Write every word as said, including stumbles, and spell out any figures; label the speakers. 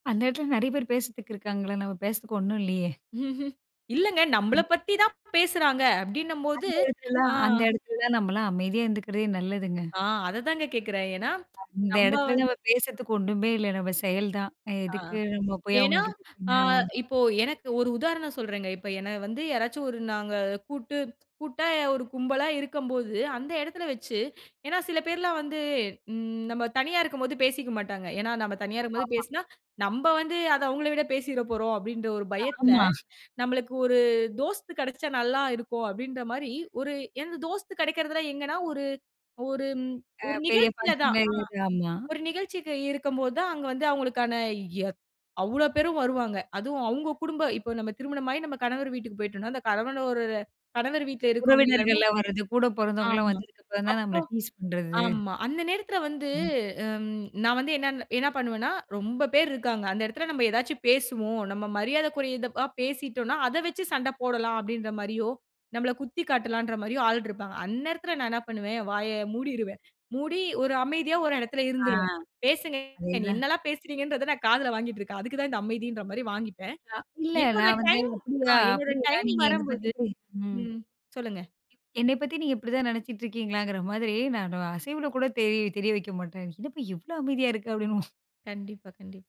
Speaker 1: அந்த எடத்துல நெறைய பேர் பேசறத்துக்கு இருக்காங்கள! நம்ம பேசறதுக்கு ஒண்ணும் இல்லையே.
Speaker 2: ம்ஹ்ம், இல்லங்க. நம்மள
Speaker 1: அம்ம.
Speaker 2: பத்தி தான் பேசுறாங்க அப்படின்னம்போது.
Speaker 1: அந்த எடத்துலலாம்
Speaker 2: அ.
Speaker 1: அந்த எடத்துல தான் நம்பளா அமைதியா இருந்துக்கறதே நல்லதுங்க.
Speaker 2: அ. அததாங்க கேக்குறேன். ஏன்னா,
Speaker 1: இந்த
Speaker 2: நம்ப
Speaker 1: எடத்துல
Speaker 2: வந்
Speaker 1: நம்ம பேசறதுக்கு ஒண்ணுமே இல்ல. நம்ம செயல் தான்.
Speaker 2: அ.
Speaker 1: எதுக்கு நம்ம போயி
Speaker 2: ஏன்னா.
Speaker 1: அவங்ககிட்
Speaker 2: அ,
Speaker 1: அ.
Speaker 2: இப்போ எனக்கு ஒரு உதாரணம் சொல்றேங்க. இப்போ என்ன வந்து யாராச்சும் ஒரு நாங்க கூட்டு கூட்டா ஒரு கும்பலா இருக்கம்போது, அந்த எடத்துல வச்சு ஏன்னா சில பேர்லாம் வந்து ம் நம்ம தனியா இருக்கும்போது பேசிக்க மாட்டாங்க. ஏன்னா நம்ம தனியா இருக்கும்போது
Speaker 1: அம்மாமா.
Speaker 2: பேசுனா நம்ம வந்து அதை அவங்கள விடப் பேசிறப்போறோம் அப்படின்னு ஒரு பயத்துல,
Speaker 1: ஆமா.
Speaker 2: நம்பளுக்கு ஒரு தோஸ்த் கிடைச்சா நல்லா இருக்கும் அப்படின்றமாரி ஒரு எனது தோஸ்த் கிடைக்குறதலாம் எங்கனா, ஒரு ஒரும்
Speaker 1: அ.
Speaker 2: ஒரு
Speaker 1: பெரியப்பா
Speaker 2: நிகழ்ச்சியில
Speaker 1: சி
Speaker 2: தான் அ.
Speaker 1: [unintelligible] ஆமா.
Speaker 2: ஒரு நிகழ்ச்சிக்கு இருக்கம்போது தான் அங்க வந்து அவங்களுக்கான எ அவ்வளவு பேரும் வருவாங்க. அதுவும் அவுங்க குடும்ப இப்ப நம்ம திருமணம் ஆயி நம்ம கணவர் வீட்டுக்குப் போயிட்டோனா, அந்த கணவன் ஒரு கணவர் வீட்ல இருக்குறவங்க எல்லாருமே
Speaker 1: உறவினர்கள்லாம் வர்றது, கூடப் பொறந்தவங்கலாம்
Speaker 2: ஆமா,
Speaker 1: வந்ததுக்கு அப்புறம் தான்
Speaker 2: அப்போ
Speaker 1: நம்மள டீஸ் பண்றது.
Speaker 2: ஆமா. அந்த நேரத்துல வந்து
Speaker 1: ம்.
Speaker 2: ம். நான் வந்து என்ன என்ன பண்ணுவேன்னா ரொம்ப பேர் இருக்காங்க. அந்த இடத்துல நம்ம எதாச்சு பேசுவோம். நம்ம மரியாதக்குறைந்தபா பேசிட்டோன்னா அத வச்சு சண்ட போடலாம் அப்படின்ற மாரியோ, நம்மள குத்தி காட்டலான்ற மாரியோ ஆள் இருப்பாங்க. அந்த எடத்துல நான் என்ன பண்ணுவேன். வாய மூடிருவேன். மூடி ஒரு அமைதியா ஒரு இடத்துல
Speaker 1: அ.
Speaker 2: இருந்துருவேன். பேசுங்க.
Speaker 1: அதேதான்.
Speaker 2: என்னெல்லாம் பேசுறீங்கன்றத நான் காதுல வாங்கிட்டுருக்கேன். அதுக்கு தான் இந்த அமைதின்ற மாரி வாங்கிப்பேன்.
Speaker 1: அ இல்ல.
Speaker 2: என்னோட
Speaker 1: நான் வந்து
Speaker 2: டைம் அ
Speaker 1: அப்படியா?
Speaker 2: என்னோட
Speaker 1: அப்டியா?
Speaker 2: டைம்
Speaker 1: நீங்க என்னைப் பத்தி
Speaker 2: வரம்போது
Speaker 1: இப்படி ம்.
Speaker 2: ம். சொல்லுங்க.
Speaker 1: என்னைப் பத்தி நீங்க இப்படி தான் நெனச்சுட்டுருக்கீங்களாங்கற மாதிரி. நானும் அசைவுல கூடத் தெரிய தெரிய வெக்கமாட்டேன். அப்டினு சொல்லி இவ்ளோ அமைதியா இருக்க அப்படின்னு
Speaker 2: கண்டிப்பா, கண்டிப்